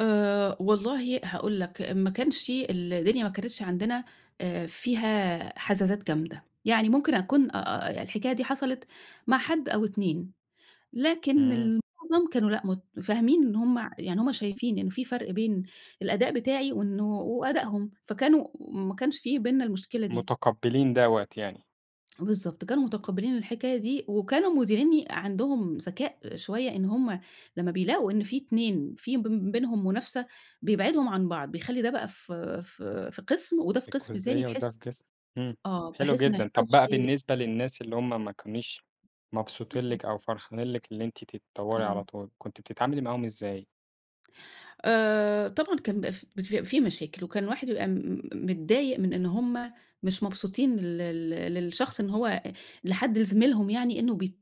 آآ والله هاقول لك، ما كانش الدنيا ما كانتش عندنا آآ فيها حزازات جامدة يعني. ممكن أكون آآ هي الحكاية دي حصلت مع حد أو 2، لكن إمم. المعظم كانوا لأ متفاهمين إن هُم يعني هُم شايفين إنّ في فرق بين الأداء بتاعي وإنّه وأدائهم، فكانوا ما كانش في بيننا المشكلة دي. متقبلين دوَة يعني. بالضبط، كانوا متُقبِلين الحكاية دي، وكانوا مديريني عندهم ذكاء شويّة إن هُم لمّا بيلاقوا إن في 2 في ب بينهم منافسة، بيبعدهم عن بعض، بيخلّي ده بقى في في في قسم وده في قسم تاني، الجزئية وده بحيث في قسم إمم آه حلو بحيث ما جدًا، طب يحصلش بقى بالنسبة للناس اللي هُم ما كانوش مبسوطين لِك [unintelligible] أو فرحانين لِك إن أنتِ تتطوري آه. على طول، كنتِ بتتعاملي معاهم إزاي؟ آآ طبعًا كان بيبقى ف بتبقى في مشاكل، وكان واحد يبقى م م م متضايق من إن هُم مش مبسوطين لل لل للشخص، إن هو لحد لزميلهم يعني، إنّه بي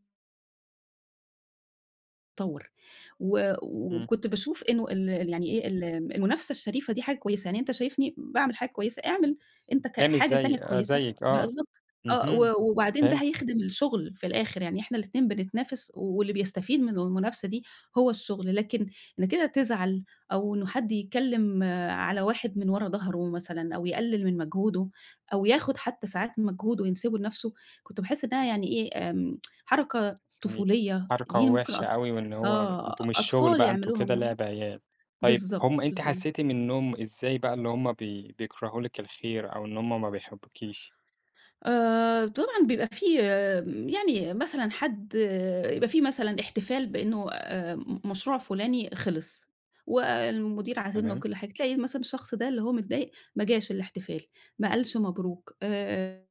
طوّر و إمم. وكنت باشوف إنّه ال يعني إيه ال المنافسة الشريفة دي حاجة كويّسة يعني. أنت شايفني باعمل حاجة كويّسة، اعمل أنت ك ده مش حاجة زي تانية آآ كويّسة. زيك آه بالضبط آه، اهم، و وبعدين ده فهمت. هيخدم الشغل في الآخر يعني، إحنا الاتنين بنتنافس، واللي بيستفيد من المنافسة دي هو الشغل، لكن إن كده تزعل أو إنّه حد يتكلّم على واحد من ورا ضهره مثلًا، أو يقلل من مجهوده، أو ياخد حتّى ساعات من مجهوده وينسبه لنفسه، كنت باحس إنّها يعني إيه امم حركة [unintelligible] طفولية، حركة دي ممكن وحشة أط أوي وإن هو آه أنتم مش شغل أطفال بقى أنتم يعملوها كده آه لعب عيال، طيّب بالضبط، هم أنتِ بالضبط. حسّيتي منهم إزاي بقى اللي همّ بي بيكرهوا لِك الخير، أو إن هُم ما بيحبوكيش؟ آآ طبعًا بيبقى في يعني مثلًا حد يبقى في مثلًا احتفال بأنه آآ مشروع فلاني خلص، والمدير عازمنا تمام. وكل حاجة، تلاقي مثلًا الشخص ده اللي هو متضايق ما جاش الاحتفال، ما قالش مبروك، آآ